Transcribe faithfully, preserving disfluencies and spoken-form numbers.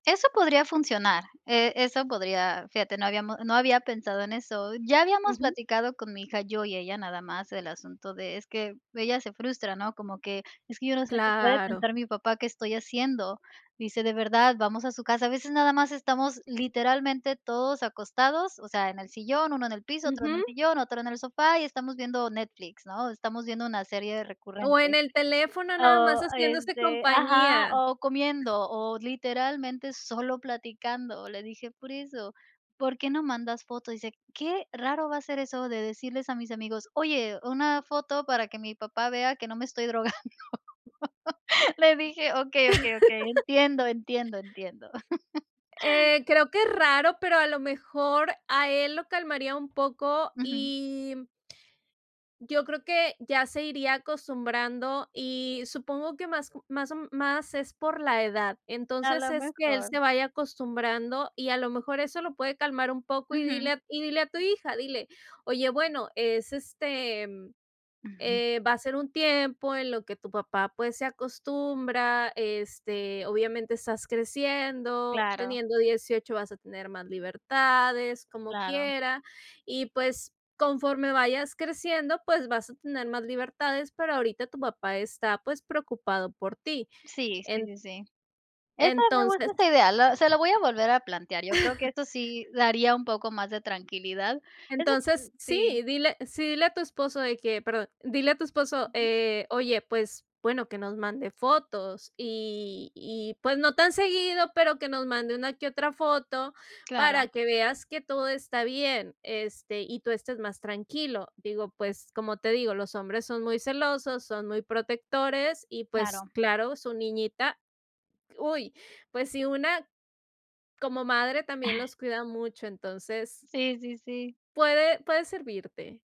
Eso podría funcionar, eh, eso podría fíjate, no habíamos no había pensado en eso. Ya habíamos Ujú. platicado con mi hija, yo y ella nada más, el asunto de es que ella se frustra, ¿no? Como que: “Es que yo no sé qué puede Claro pensar mi papá, qué estoy haciendo”. Dice: “De verdad, vamos a su casa. A veces nada más estamos literalmente todos acostados, o sea, en el sillón, uno en el piso, otro en el Ujú. sillón, otro en el sofá, y estamos viendo Netflix, ¿no? Estamos viendo una serie O en recurrente. el teléfono, nada más O, haciéndose este ajá, compañía. o comiendo, o literalmente solo platicando". Le dije: “Por eso, ¿por qué no mandas foto?”. Dice qué raro va a ser eso de decirles a mis amigos: "Oye, una foto para que mi papá vea que no me estoy drogando”. Le dije: “Okey, okey, okey, entiendo, entiendo, entiendo”. Eh, creo que es raro, pero a lo mejor a él lo calmaría un poco, Ujú. y yo creo que ya se iría acostumbrando, y supongo que más más o más es por la edad. A Entonces lo es que él mejor se vaya acostumbrando, y a lo mejor eso lo puede calmar un poco, y Ujú. dile a y dile a tu hija, dile: “Oye, bueno, es, este, Ujú. eh, va a ser un tiempo en lo que tu papá, pues, se acostumbra, este, obviamente, estás creciendo, Claro. teniendo dieciocho vas a tener más libertades, como Claro. quiera, y, pues, conforme vayas creciendo, pues vas a tener más libertades, pero ahorita tu papá está, pues, preocupado por ti”. Sí, sí, En sí, sí. Esa me gusta entonces esa idea, la se la voy a volver a plantear. Yo creo que esto sí daría un poco más de tranquilidad. Eso entonces, sí, Sí. dile sí, dile a tu esposo de que perdón, dile a tu esposo: Ujú. “Eh, oye, pues, bueno, que nos mande fotos. Y y, pues, no tan seguido, pero que nos mande una que otra foto Claro. para que veas que todo está bien, este, y tú estés más tranquilo”. Digo, pues, como te digo, los hombres son muy celosos, son muy protectores, y, pues, Claro. claro, su niñita. Uy, pues sí, una como madre también los cuida mucho, entonces Sí, sí, sí. puede puede servirte.